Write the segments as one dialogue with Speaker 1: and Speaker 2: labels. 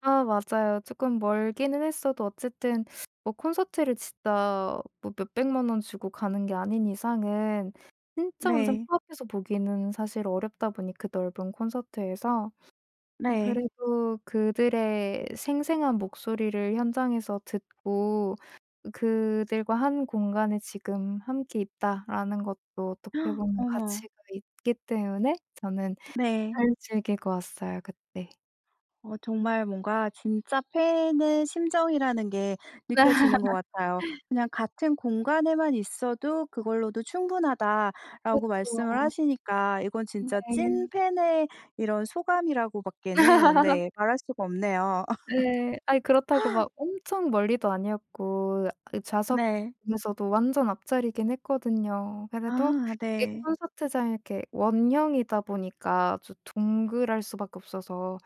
Speaker 1: 아 맞아요. 쪼끔 멀기는 했어도 어쨌든 뭐 콘서트를 진짜 뭐 몇 1,000,000 원 주고 가는 게 아닌 이상은 진짜 완전
Speaker 2: 네.
Speaker 1: 코앞에서 보기는 사실 어렵다 보니 그 넓은 콘서트에서 음
Speaker 2: 네.
Speaker 1: 그래도 '그들의 생생한 목소리를 현장에서 듣고 그들과 한 공간에 지금 함께 있다.'라는 것도 어떻게 보면 가치가
Speaker 2: 어머.
Speaker 1: 있기 때문에 저는
Speaker 2: 네.
Speaker 1: 잘 즐기고 왔어요 그때.
Speaker 2: 어 정말 뭔가 진짜 팬의 심정이라는 게 느껴지는 것 같아요. "그냥 같은 공간에만 있어도 그걸로도 충분하다"라고 말씀을
Speaker 1: 그쵸.
Speaker 2: 하시니까 이건 진짜
Speaker 1: 네.
Speaker 2: 찐팬의 이런 소감이라고 밖에는 네 말 할 수가 없네요.
Speaker 1: 예. 아이 그렇다고 막 엄청 멀리도 아니었고 그 좌석
Speaker 2: 네.
Speaker 1: 중에서도 완전 앞자리긴 했거든요. 그래도
Speaker 2: 아
Speaker 1: 이게
Speaker 2: 네.
Speaker 1: 콘서트장 이렇게 원형이다 보니까 좀 둥그럴 수밖에 없어서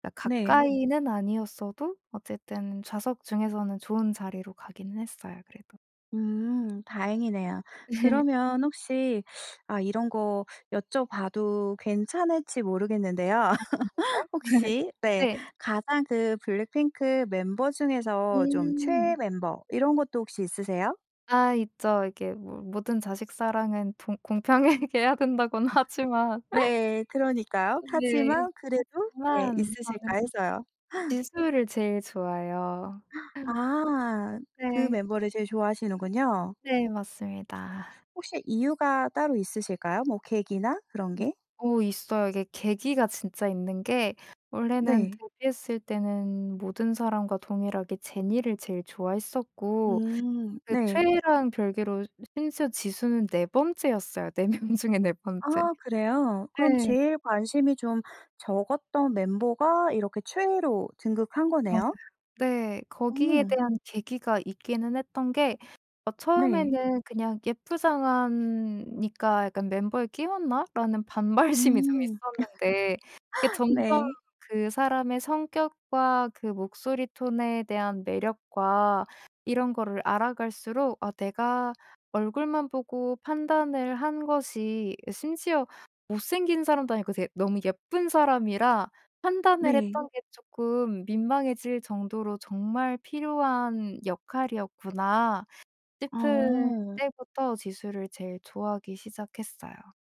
Speaker 1: 그러니까
Speaker 2: 네.
Speaker 1: 가까이는 아니었어도 어쨌든 좌석 중에서는 좋은 자리로 가기는 했어요 그래도.
Speaker 2: 음. 다행이네요. 그러면 혹시 아 이런 거 여쭤봐도 괜찮을지 모르겠는데요.
Speaker 1: 아 진짜요?
Speaker 2: 혹시 네
Speaker 1: 네.
Speaker 2: 가장 그 블랙핑크 멤버 중에서 좀 최애
Speaker 1: 음.
Speaker 2: 멤버 이런 것도 혹시 있으세요?
Speaker 1: 아 있죠. 이게 뭐 "모든 자식 사랑은 봉 공평하게 해야 된다."고는
Speaker 2: 아.
Speaker 1: 하지만
Speaker 2: 네 그러니까요.
Speaker 1: 네.
Speaker 2: 하지만 그래도 네
Speaker 1: 하지만
Speaker 2: '있으실까?'
Speaker 1: 저는
Speaker 2: 해서요.
Speaker 1: 지수를 제일 좋아해요.
Speaker 2: 아 그
Speaker 1: 네.
Speaker 2: 멤버를 제일 좋아하시는군요.
Speaker 1: 네 맞습니다.
Speaker 2: 혹시 이유가 따로 있으실까요? 뭐 계기나 그런
Speaker 1: 음.
Speaker 2: 게?
Speaker 1: 어 있어요. 이게 계기가 진짜 있는 게 원래는
Speaker 2: 네.
Speaker 1: 데뷔했을 때는 모든 사람과 동일하게 제니를 제일 좋아했었고
Speaker 2: 음.
Speaker 1: 그
Speaker 2: 네.
Speaker 1: 최애랑 별개로 심지어 지수는 4 번째였어요. 4 명 중에 4 번째.
Speaker 2: 아 그래요? 그럼
Speaker 1: 예.
Speaker 2: 제일 관심이 좀 적었던 멤버가 이렇게 최애로 등극한
Speaker 1: 맞아요.
Speaker 2: 거네요?
Speaker 1: 네.
Speaker 2: 어.
Speaker 1: 거기에 대한 계기가 있기는 했던 게 어
Speaker 2: 네.
Speaker 1: 처음에는 그냥 '예쁘장한 니까 약간 멤버에 끼웠나?'라는 반발심이 좀
Speaker 2: 음.
Speaker 1: 있었는데 이게 점점
Speaker 2: 네.
Speaker 1: 그 사람의 성격과 그 목소리 톤에 대한 매력과 이런 거를 알아 갈수록 아 내가 얼굴만 보고 판단을 한 것이 심지어 못생긴 사람도 아니고 되게 너무 예쁜 사람이라 판단을
Speaker 2: 네.
Speaker 1: 했던 게 쪼끔 민망해질 정도로 '정말 필요한 역할이었구나.' 싶을
Speaker 2: 아어.
Speaker 1: 때부터 지수를 제일 좋아하기 시작했어요.